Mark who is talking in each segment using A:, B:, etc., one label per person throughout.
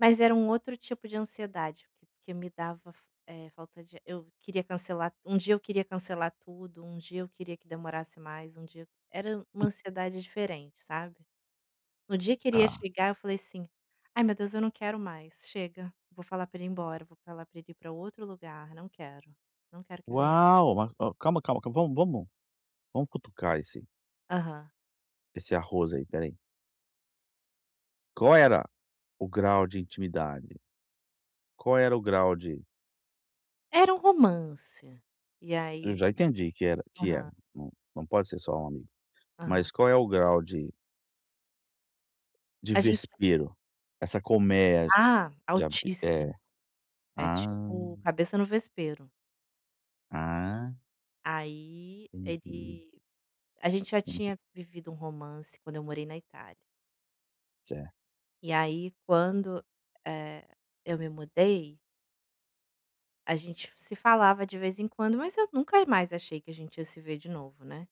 A: Mas era um outro tipo de ansiedade, porque me dava fal eh, falta de ar, eu queria cancelar um dia eu queria cancelar tudo, um dia eu queria que demorasse mais, um dia era uma
B: Uhum.
A: ansiedade diferente sabe? No dia que ele ia
B: Está.
A: chegar eu falei assim: "Ai meu Deus eu não quero mais, chega, vou falar para ele ir embora, vou para ele ir para outro lugar, não quero, não quero que venha".
B: Uau, mas calma, calma, calma, vamos vamos, vamos cutucar esse
A: Aham.
B: esse arroz aí, espera aí. Qual era o grau de intimidade? Qual era o grau de
A: Era um romance. E
B: eu
A: aí,
B: já entendi que era que é,
A: aham.
B: não não pode ser só um amigo,
A: Aham.
B: mas qual é o grau de de
A: A gente
B: vespeiro, essa colmeia
A: ah,
B: de abe é.
A: altíssimo, é tipo
B: Hã.
A: cabeça no vespeiro.
B: Ah
A: Aí
B: entendi.
A: ele a gente já
B: Como assim?
A: tinha vivido um romance quando eu morei na Itália.
B: Certo.
A: E aí quando, eh, eu me mudei a gente se falava de vez em quando, mas eu nunca mais achei que a gente ia se ver de novo, né.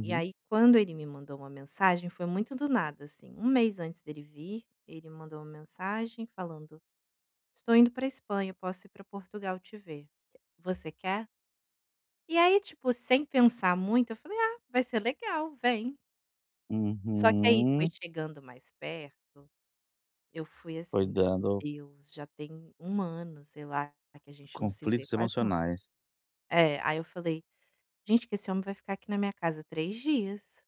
A: E aí quando ele me mandou uma mensagem foi muito do nada assim, 1 mês antes dele vir, ele mandou uma mensagem falando: "Estou indo para a Espanha, posso ir para Portugal te ver, você quer?". E aí tipo sem pensar muito eu falei: "Ah, vai ser legal, vem". Só que aí foi
B: Uhum.
A: chegando mais perto, eu fui assim, meu
B: Cuidando dos
A: Deus, já tem 1 ano sei lá, que a gente não se vê,
B: conflitos
A: quase 1 ano.
B: emocionais.
A: É, aí eu falei: "Gente que esse homem vai ficar aqui na minha casa 3 dias".